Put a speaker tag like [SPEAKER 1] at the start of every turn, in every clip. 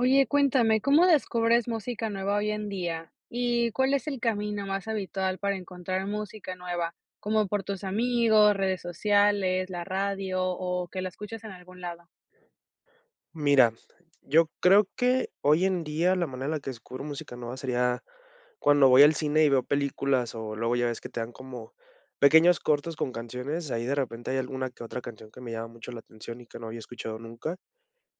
[SPEAKER 1] Oye, cuéntame, ¿cómo descubres música nueva hoy en día? ¿Y cuál es el camino más habitual para encontrar música nueva?, como por tus amigos, redes sociales, la radio, o que la escuchas en algún lado.
[SPEAKER 2] Mira, yo creo que hoy en día la manera en la que descubro música nueva sería cuando voy al cine y veo películas, o luego ya ves que te dan como pequeños cortos con canciones, ahí de repente, hay alguna que otra canción que me llama mucho la atención, y que no había escuchado nunca.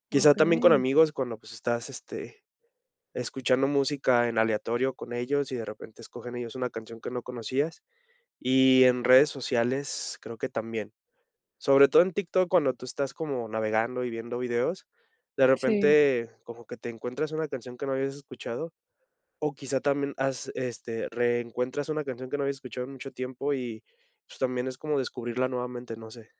[SPEAKER 2] Quizá, también con
[SPEAKER 1] Okey.
[SPEAKER 2] amigos cuando, pues, estás, este, escuchando música en aleatorio con ellos, y de repente, escogen ellos una canción que no conocías, y en redes sociales, creo que también. Sobre todo en TikTok cuando tú estás como navegando y viendo videos, de
[SPEAKER 1] Sí.
[SPEAKER 2] repente, como que te encuentras una canción que no habías escuchado, o quizá también has este, reencuentras una canción que no habías escuchado en mucho tiempo, y pues, también es como descubrirla nuevamente, no sé.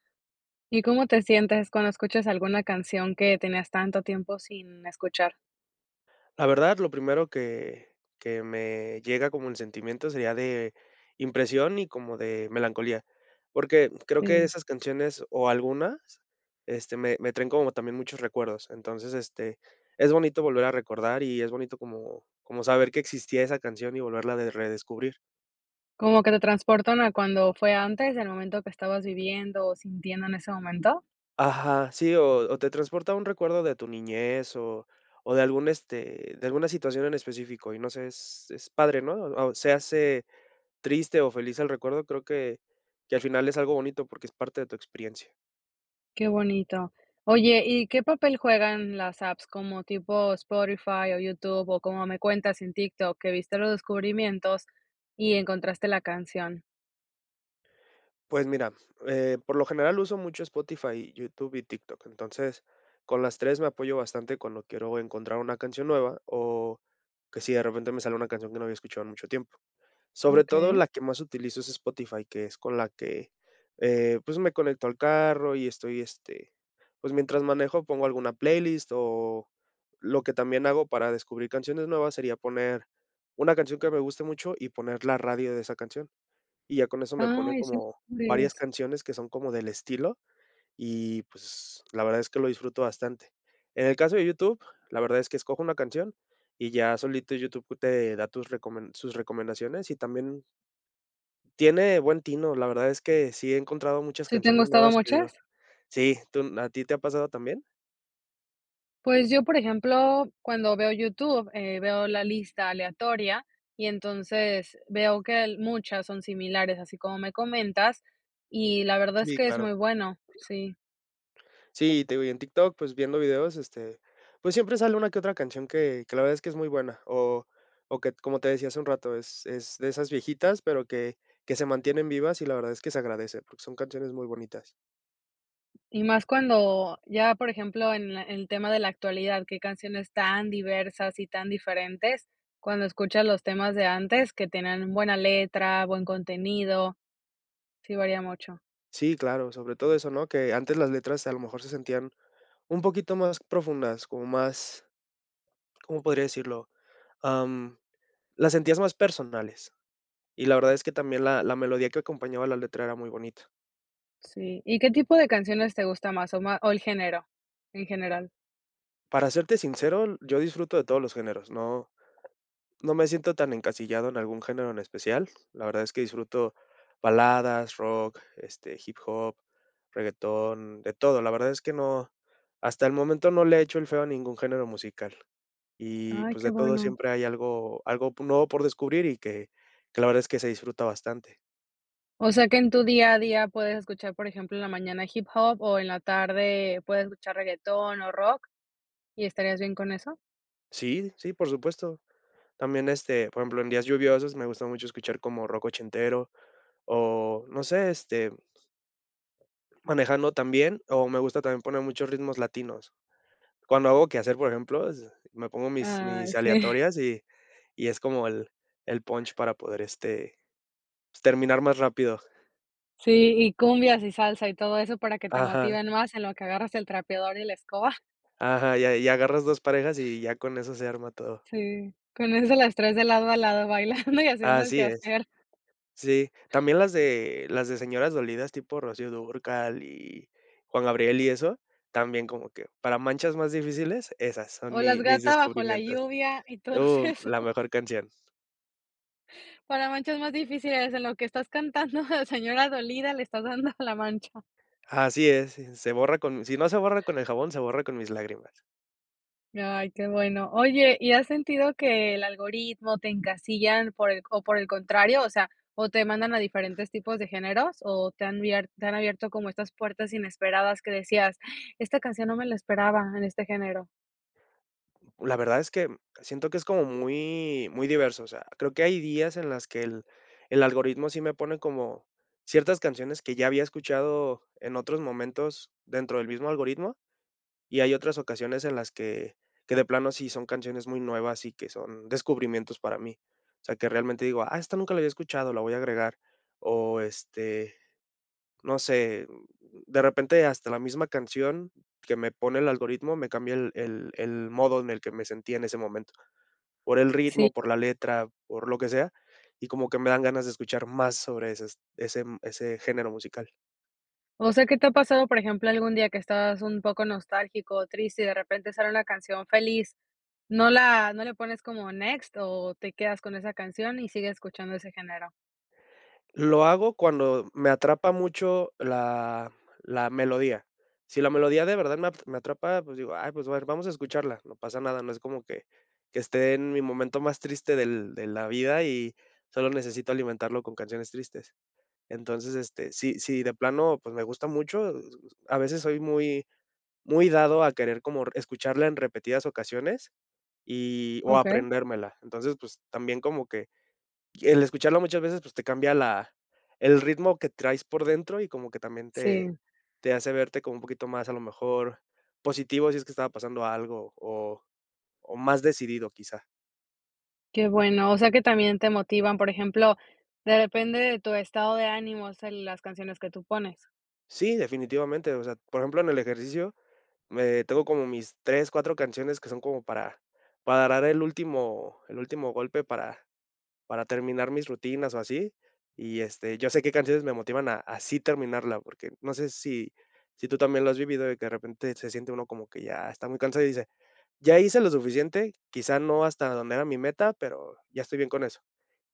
[SPEAKER 1] ¿Y cómo te sientes cuando escuchas alguna canción que tenías tanto tiempo sin escuchar?
[SPEAKER 2] La verdad, lo primero que que me llega como el sentimiento, sería de impresión y como de melancolía, porque creo que
[SPEAKER 1] Sí.
[SPEAKER 2] esas canciones o algunas, este, me me traen como también muchos recuerdos, entonces, este, es bonito volver a recordar, y es bonito como como saber que existía esa canción, y volverla a de redescubrir.
[SPEAKER 1] ¿Como que te transportan a cuando fue antes del momento que estabas viviendo o sintiendo en ese momento?
[SPEAKER 2] Ajá, sí, o o te transporta a un recuerdo de tu niñez o o de algún, este, de alguna situación en específico y no sé, es es padre, ¿no? O se hace triste o feliz el recuerdo, creo que que al final es algo bonito porque es parte de tu experiencia.
[SPEAKER 1] Qué bonito. Oye, ¿y qué papel juegan las apps, como tipo Spotify o YouTube o como me cuentas en TikTok que viste los descubrimientos y encontraste la canción?
[SPEAKER 2] Pues mira, eh, por lo general uso mucho Spotify, YouTube y TikTok. Entonces, con las 3 me apoyo bastante cuando quiero encontrar una canción nueva o que si de repente me sale una canción que no había escuchado en mucho tiempo. Sobre todo
[SPEAKER 1] Okey.
[SPEAKER 2] la que más utilizo es Spotify, que es con la que, eh, pues, me conecto al carro y estoy este, pues mientras manejo pongo alguna playlist o lo que también hago para descubrir canciones nuevas sería poner una canción que me guste mucho y poner la radio de esa canción. Y ya con eso me pone
[SPEAKER 1] Ay, sí
[SPEAKER 2] como
[SPEAKER 1] eran
[SPEAKER 2] varias
[SPEAKER 1] grandes.
[SPEAKER 2] canciones que son como del estilo y, pues, la verdad es que lo disfruto bastante. En el caso de YouTube, la verdad es que escojo una canción y ya solito YouTube te da tus recomen sus recomendaciones y también tiene buen tino, la verdad es que sí he encontrado muchas
[SPEAKER 1] ¿Sí te han
[SPEAKER 2] canciones
[SPEAKER 1] gustado
[SPEAKER 2] nuevas que digo
[SPEAKER 1] muchas?
[SPEAKER 2] sí, tú no ¿a ti te ha pasado también?
[SPEAKER 1] Pues yo, por ejemplo, cuando veo YouTube, eh, veo la lista aleatoria y entonces veo que al muchas son similares, así como me comentas, y la verdad es
[SPEAKER 2] Sí,
[SPEAKER 1] que es muy
[SPEAKER 2] claro.
[SPEAKER 1] bueno, sí.
[SPEAKER 2] Sí, y te digo, y en TikTok, pues viendo videos, este, pues siempre sale una que otra canción que que la verdad es que es muy buena, o o que, como te decía hace un rato, es es de esas viejitas, pero que que se mantienen vivas, y la verdad es que se agradece, porque son canciones muy bonitas.
[SPEAKER 1] Y más cuando ya por ejemplo en le el tema de la actualidad, qué canciones tan diversas y tan diferentes cuando escuchas los temas de antes que tenían buena letra, buen contenido. Sí varía mucho.
[SPEAKER 2] Sí, claro, sobre todo eso, ¿no?, que antes las letras, a lo mejor, se sentían un poquito más profundas, como más, ¿cómo podría decirlo?, am, las sentías más personales, y la verdad es que también la la melodía que acompañaba la letra era muy bonita.
[SPEAKER 1] Sí. ¿Y qué tipo de canciones te gusta más o ma o el género? En general.
[SPEAKER 2] Para serte sincero yo disfruto de todos los géneros. No no me siento tan encasillado en algún género en especial, la verdad es que disfruto baladas, rock, este, hip hop, reguetón, de todo. La verdad es que no hasta el momento no le he hecho el feo a ningún género musical. Y,
[SPEAKER 1] Ay,
[SPEAKER 2] pues,
[SPEAKER 1] qué
[SPEAKER 2] de todo
[SPEAKER 1] bueno.
[SPEAKER 2] siempre hay algo algo po nuevo por descubrir y que que la verdad es que se disfruta bastante.
[SPEAKER 1] O sea que en tu día a día puedes escuchar, por ejemplo, en la mañana hip hop o en la tarde puedes escuchar reguetón o rock. ¿Y estarías bien con eso?
[SPEAKER 2] Sí, sí, por supuesto. También, este, por ejemplo, en días lluviosos, me gusta mucho escuchar como rock ochentero o no sé, este manejando también, o me gusta también poner muchos ritmos latinos. Cuando hago quehacer, por ejemplo, es me pongo mis
[SPEAKER 1] Ay,
[SPEAKER 2] mis
[SPEAKER 1] sí.
[SPEAKER 2] aleatorias y y es como el el punch para poder, este, pues, terminar más rápido.
[SPEAKER 1] Sí. Y cumbias y salsa, y todo eso para que te
[SPEAKER 2] Ajá.
[SPEAKER 1] motiven más en lo que agarras el trapeador y la escoba.
[SPEAKER 2] Ajá, y a y agarras 2 parejas, y ya con eso se arma todo.
[SPEAKER 1] Sí. Con eso las traes de lado a lado bailando y haciendo el
[SPEAKER 2] Así es.
[SPEAKER 1] quehacer.
[SPEAKER 2] Sí, también las de las de señoras dolidas, tipo Rocío Dúrcal y Juan Gabriel, y eso, también como que para manchas más difíciles, esas son
[SPEAKER 1] O, "La
[SPEAKER 2] mi mis
[SPEAKER 1] gata bajo la
[SPEAKER 2] descubrimientos.
[SPEAKER 1] lluvia" y todos
[SPEAKER 2] Uh, mm,
[SPEAKER 1] esos.
[SPEAKER 2] la mejor canción.
[SPEAKER 1] Para manchas más difíciles en lo que estás cantando, de señora dolida, le estás dando a la mancha.
[SPEAKER 2] Así es, sí. Se borra con si no se borra con el jabón, se borra con mis lágrimas.
[SPEAKER 1] Ya, ay, qué bueno. Oye, ¿y has sentido que el algoritmo te encasillan, por el o por el contrario, o sea, o te mandan a diferentes tipos de géneros, o te han bier te han abierto como estas puertas inesperadas que decías: "Esta canción no me la esperaba en este género"?
[SPEAKER 2] La verdad es que, mm, siento que es como muy muy diverso, o sea, creo que hay días en las que el el algoritmo sí me pone como ciertas canciones que ya había escuchado en otros momentos dentro del mismo algoritmo, y hay otras ocasiones en las que que de plano sí son canciones muy nuevas y que son descubrimientos para mí. O sea, que realmente digo: "Ah, esta nunca la había escuchado, la voy a agregar". O este, no sé, mm, de repente hasta la misma canción que me pone el algoritmo, me cambia el el el modo en el que me sentía en ese momento. Por el
[SPEAKER 1] Sí.
[SPEAKER 2] ritmo, por la letra, por lo que sea, y como que me dan ganas de escuchar más sobre esas ese, mm, ese género musical.
[SPEAKER 1] O sea, que te ha pasado, por ejemplo, algún día que estabas un poco nostálgico o triste y de repente sale una canción feliz, no la ¿no le pones como next o te quedas con esa canción, y sigues escuchando ese género?
[SPEAKER 2] Lo hago cuando me atrapa mucho la la melodía, si la melodía de verdad me a me atrapa, pues digo: "Ay pues, a ver, vamos a escucharla", no pasa nada, no es como que que esté en mi momento más triste del de la vida y solo necesito alimentarlo con canciones tristes. Entonces, este, si si de plano, pues, me gusta mucho, a veces soy muy muy dado a querer como r escucharla en repetidas ocasiones, y o
[SPEAKER 1] Okey.
[SPEAKER 2] aprendérmela, entonces, pues, también como que, el escucharlo muchas veces, pues, te cambia la el ritmo que traes por dentro y como que también te
[SPEAKER 1] Sí.
[SPEAKER 2] te hace verte como un poquito más a lo mejor, positivo si es que estaba pasando algo, o o más decidido, quizá.
[SPEAKER 1] Qué bueno, o sea, que también te motivan, por ejemplo, de depende de tu estado de ánimo, o sea, las canciones que tú pones.
[SPEAKER 2] Sí, definitivamente, o sea, por ejemplo, en el ejercicio, me tengo como mis 3, 4 canciones que son como para para dar el último el último golpe para para terminar mis rutinas o así y, este, ya sé qué canciones me motivan a a sí terminarla, porque, no sé si si tú también lo has vivido de que, de repente, se siente uno como que ya está muy cansado, y dice: "Ya hice lo suficiente, quizá no hasta donde era mi meta, pero ya estoy bien con eso".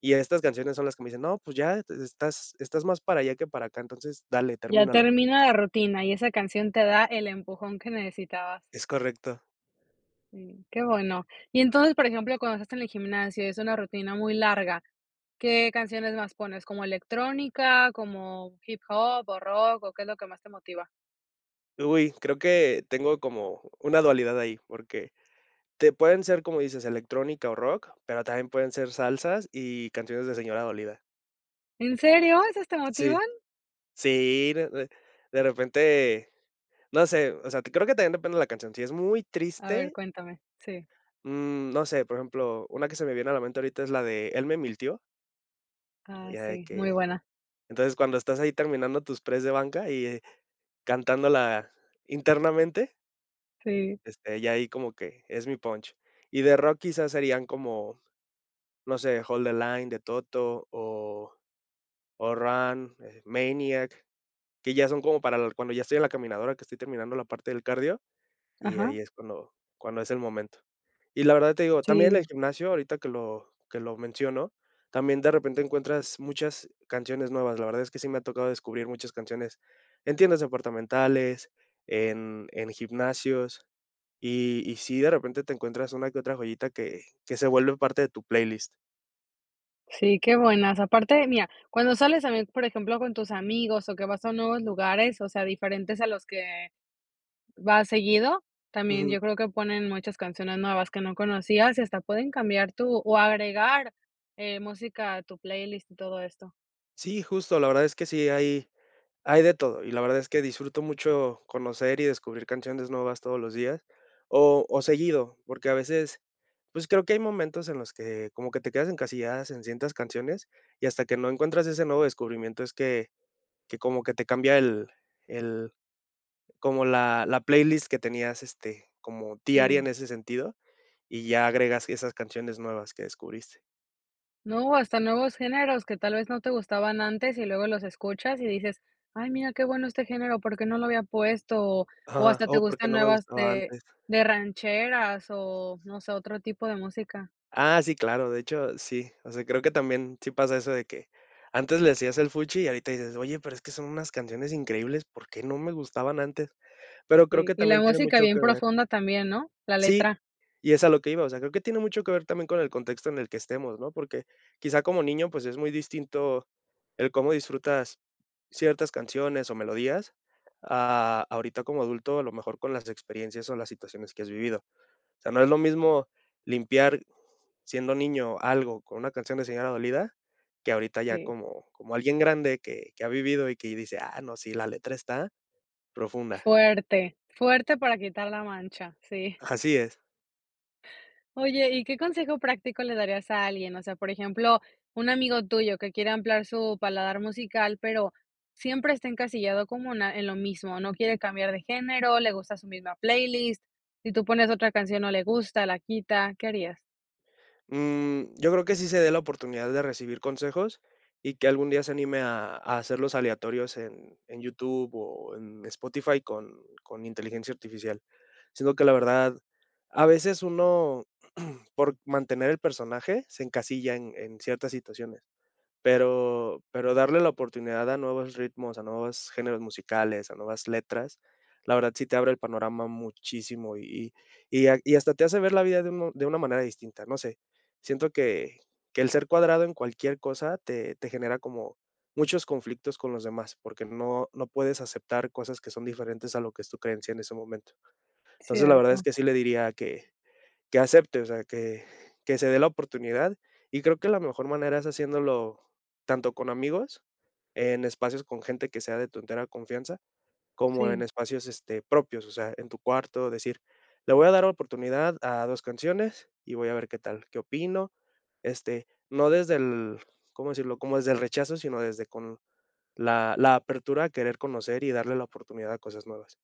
[SPEAKER 2] Y estas canciones son las que me dicen: "No, pues, ya te estás estás más para allá que para acá, entonces, dale,
[SPEAKER 1] Ya
[SPEAKER 2] termínalo".
[SPEAKER 1] termina la rutina y esa canción te da el empujón que necesitabas.
[SPEAKER 2] Es correcto.
[SPEAKER 1] Sí. Qué bueno. Y, entonces, por ejemplo, cuando estás en el gimnasio y es una rutina muy larga, ¿qué canciones más pones? ¿Como electrónica, como hip hop o rock, o qué es lo que más te motiva?
[SPEAKER 2] Uy, creo que tengo como una dualidad ahí, porque, te pueden ser, como dices, electrónica o rock, pero también pueden ser salsas y canciones de señora dolida.
[SPEAKER 1] ¿En serio? ¿Esas te motivan?
[SPEAKER 2] Sí. Sí, re re de repente, no sé, o sea, creo que también depende de la canción. Si es muy
[SPEAKER 1] A ver,
[SPEAKER 2] triste
[SPEAKER 1] cuéntame. Sí.
[SPEAKER 2] mm, no sé, por ejemplo, una que se me viene a la mente ahorita es la de "Él me mintió".
[SPEAKER 1] Ah,
[SPEAKER 2] Ya de
[SPEAKER 1] sí. Muy
[SPEAKER 2] que
[SPEAKER 1] buena.
[SPEAKER 2] entonces, cuando estás ahí terminando tus press de banca y, eh, cantándola internamente
[SPEAKER 1] Sí.
[SPEAKER 2] este, ya ahí como que es mi punch. Y de rock, quizás, serían como, no sé, "Hold the line" de Toto o o "Run", eh, "Maniac", que ya son como para l cuando ya estoy en la caminadora, que estoy terminando la parte del cardio, y
[SPEAKER 1] Ajá.
[SPEAKER 2] ahí es cuando cuando es el momento. Y, la verdad, te digo, también en
[SPEAKER 1] Sí.
[SPEAKER 2] el gimnasio, ahorita que lo que lo menciono, también, de repente, encuentras muchas canciones nuevas. La verdad es que sí me ha tocado descubrir muchas canciones en tiendas departamentales, en en gimnasios, y y sí, de repente, te encuentras una que otra joyita que que se vuelve parte de tu playlist.
[SPEAKER 1] Sí, que buenas, aparte mira, cuando sales también, por ejemplo, con tus amigos o que vas a nuevos lugares, o sea, diferentes a los que vas seguido, también
[SPEAKER 2] Ujú.
[SPEAKER 1] yo creo que ponen muchas canciones nuevas que no conocías, y hasta pueden cambiar tú o agregar, eh, música a tu playlist y todo esto.
[SPEAKER 2] Sí, justo la verdad es que sí hay hay de todo, y la verdad es que disfruto mucho conocer y descubrir canciones nuevas todos los días, o o seguido, porque a veces, pues, creo que hay momentos en los que como que te quedas encasilladas en ciertas canciones, y hasta que no encuentras ese nuevo descubrimiento es que que como que te cambia el el como la la playlist que tenías, este, como diaria
[SPEAKER 1] Sí.
[SPEAKER 2] en ese sentido, y ya agregas esas canciones nuevas que descubriste.
[SPEAKER 1] No, hasta nuevos géneros que tal vez no te gustaban antes, y luego los escuchas y dices: "Ay mira qué bueno este género, ¿por qué no lo había puesto?", o o
[SPEAKER 2] Ajá,
[SPEAKER 1] hasta te
[SPEAKER 2] o porque
[SPEAKER 1] gustan
[SPEAKER 2] no me
[SPEAKER 1] nuevas
[SPEAKER 2] gustaba
[SPEAKER 1] de
[SPEAKER 2] antes.
[SPEAKER 1] de rancheras, o no sé otro tipo de música.
[SPEAKER 2] Ah, sí claro, de hecho, sí, o sea, creo que también sí pasa eso de que, antes le hacías el fuchi y ahorita dices: "Oye, pero es que son unas canciones increíbles, ¿por qué no me gustaban antes?", pero, creo
[SPEAKER 1] Sí,
[SPEAKER 2] que
[SPEAKER 1] y la
[SPEAKER 2] también tiene
[SPEAKER 1] música
[SPEAKER 2] mucho
[SPEAKER 1] bien
[SPEAKER 2] que ver
[SPEAKER 1] profunda también, ¿no?, la
[SPEAKER 2] Sí,
[SPEAKER 1] letra.
[SPEAKER 2] y es a lo que iba, o sea, creo que tiene mucho que ver también, con el contexto en el que estemos, ¿no?, porque, quizá como niño, pues, es muy distinto el cómo disfrutas ciertas canciones, o melodías, a ahorita como adulto, a lo mejor con las experiencias, o las situaciones que has vivido. O sea, no es lo mismo limpiar siendo niño algo con una canción de señora dolida, que ahorita ya
[SPEAKER 1] Sí.
[SPEAKER 2] como como alguien grande, que que ha vivido, y que dice: "Ah, no sí la letra está profunda".
[SPEAKER 1] Fuerte. Fuerte para quitar la mancha, sí.
[SPEAKER 2] Así es.
[SPEAKER 1] Oye, ¿y qué consejo práctico le darías a alguien?, o sea, por ejemplo, un amigo tuyo que quiere ampliar su paladar musical, pero siempre está encasillado como una en lo mismo, no quiere cambiar de género, le gusta su misma playlist, si tú pones otra canción no le gusta, la quita, ¿qué harías?
[SPEAKER 2] Mm, yo creo que sí se dé la oportunidad de recibir consejos y que algún día se anime a a hacerlos aleatorios en en YouTube o en Spotify con con inteligencia artificial. Siento que la verdad, a veces, uno por mantener el personaje se encasilla en en ciertas situaciones. Pero pero darle la oportunidad a nuevos ritmos, a nuevos géneros musicales, a nuevas letras, la verdad sí te abre el panorama muchísimo y y y ha y hasta te hace ver la vida de uno de una manera distinta, no sé. Siento que que el ser cuadrado en cualquier cosa te te genera como muchos conflictos con los demás, porque no no puedes aceptar cosas que son diferentes a lo que es tu creencia en ese momento. Entonces, la verdad es
[SPEAKER 1] Cierto.
[SPEAKER 2] que sí le diría que que acepte, o sea, que que se dé la oportunidad, y creo que la mejor manera es haciéndolo tanto con amigos, en espacios con gente que sea de tu entera confianza, como en
[SPEAKER 1] Sí.
[SPEAKER 2] espacios este propios, o sea, en tu cuarto decir: "Le voy a dar oportunidad a 2 canciones y voy a ver qué tal, qué opino", este, no desde el, ¿cómo decirlo?, como desde el rechazo, sino desde con la la apertura a querer conocer y darle la oportunidad a cosas nuevas.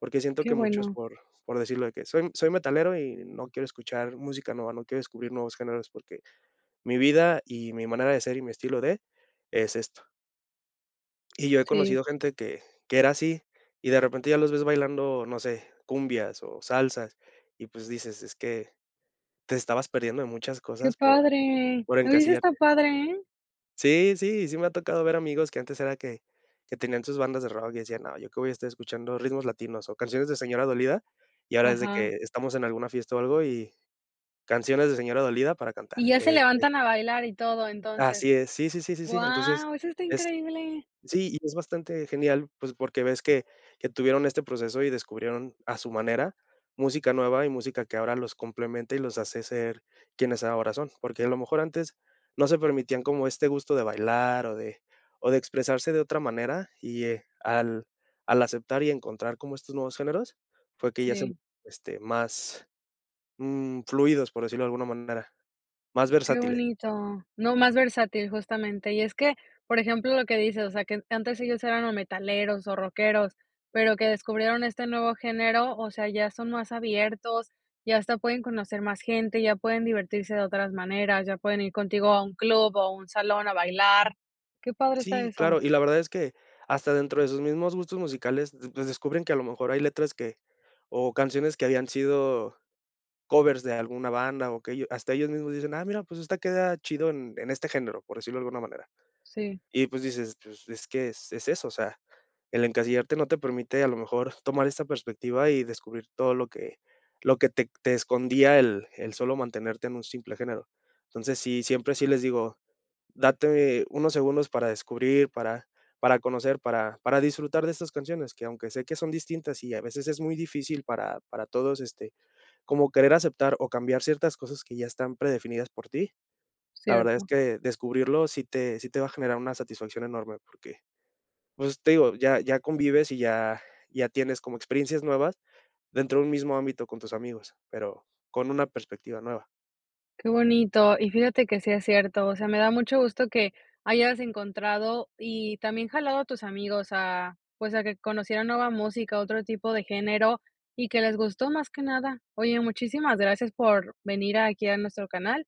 [SPEAKER 2] Porque siento
[SPEAKER 1] Qué
[SPEAKER 2] que muchos
[SPEAKER 1] bueno.
[SPEAKER 2] por por decirlo de que: "Soy m soy metalero y no quiero escuchar música nueva, no quiero descubrir nuevos géneros porque mi vida y mi manera de ser y mi estilo de, es esto". Y yo he
[SPEAKER 1] Sí.
[SPEAKER 2] conocido gente que que era así, y de repente ya los ves bailando, no sé, cumbias, o salsas, y pues dices: "Es que te estabas perdiendo de muchas
[SPEAKER 1] Qué
[SPEAKER 2] cosas por
[SPEAKER 1] padre,
[SPEAKER 2] por
[SPEAKER 1] oye, eso esta
[SPEAKER 2] encasillarte".
[SPEAKER 1] padre, ¿eh?
[SPEAKER 2] Sí, sí. Y sí me ha tocado ver amigos que antes era que que tenían sus bandas de rock, y decían: "No, ¿yo qué voy a estar escuchando ritmos latinos o canciones de señora dolida?". Y ahora, es de
[SPEAKER 1] Ajá.
[SPEAKER 2] que estamos en alguna fiesta, o algo y canciones de señora dolida para cantar.
[SPEAKER 1] Y ya se
[SPEAKER 2] Este
[SPEAKER 1] levantan a bailar y todo,
[SPEAKER 2] Así
[SPEAKER 1] entonces.
[SPEAKER 2] es. Sí, sí, sí, sí, sí. Entonces,
[SPEAKER 1] Guau, eso está
[SPEAKER 2] es
[SPEAKER 1] increíble.
[SPEAKER 2] sí, y es bastante genial, pues, porque ves que que tuvieron este proceso y descubrieron a su manera, música nueva y música que ahora los complementa y los hace ser, quienes ahora son. Porque a lo mejor antes, no se permitían como este gusto de bailar, o de o de expresarse de otra manera, y, eh, al al aceptar, y encontrar como estos nuevos géneros, fue que ya se
[SPEAKER 1] Sí.
[SPEAKER 2] este, más, mm, fluidos, por decirlo de alguna manera. Más
[SPEAKER 1] Qué
[SPEAKER 2] versátile
[SPEAKER 1] bonito. No, más versátil, justamente. Y es que, por ejemplo lo que dices, o sea, que en antes ellos eran o metaleros, o rockeros, pero que descubrieron este nuevo género, o sea, ya son más abiertos, y hasta pueden conocer más gente, ya pueden divertirse de otras maneras, ya pueden ir contigo a un club, o un salón a bailar. Qué padre está
[SPEAKER 2] Sí,
[SPEAKER 1] eso.
[SPEAKER 2] claro. Y la verdad es que, hasta dentro de sus mismos gustos musicales, pues descubren que, a lo mejor, hay letras que o canciones que habían sido, covers de alguna banda, o que ello hasta ellos mismos dicen: "Ah mira, pues esta queda chido en en este género", por decirlo de alguna manera.
[SPEAKER 1] Sí.
[SPEAKER 2] Y pues, dices: "Pues, es que es es eso", o sea, el encasillarte no te permite a lo mejor tomar esta perspectiva, y descubrir todo lo que lo que te te escondía el el solo mantenerte en un simple género. Entonces, sí, siempre sí les digo: "Date unos segundos para descubrir, para para conocer, para para disfrutar de estas canciones", que aunque sé que son distintas, y a veces es muy difícil para para todos, este, como querer aceptar, o cambiar ciertas cosas que ya están predefinidas por ti. La verdad es
[SPEAKER 1] Cierto.
[SPEAKER 2] que, descubrirlo sí te sí te va a generar una satisfacción enorme porque, pues, te digo, ya ya convives, y ya ya tienes como experiencias nuevas dentro de un mismo ámbito con tus amigos, pero con una perspectiva nueva.
[SPEAKER 1] Qué bonito. Y fíjate que sí es cierto, o sea, me da mucho gusto que hayas encontrado, y también jalado a tus amigos a, pues, a que conocieran nueva música, otro tipo de género, y que les gustó más que nada. Oye, muchísimas gracias por venir aquí a nuestro canal.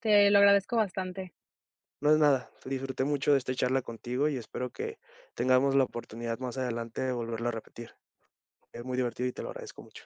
[SPEAKER 1] Te lo agradezco bastante.
[SPEAKER 2] No es nada. Disfruté mucho de esta charla contigo, y espero que tengamos la oportunidad más adelante de volverlo a repetir. Es muy divertido y te lo agradezco mucho.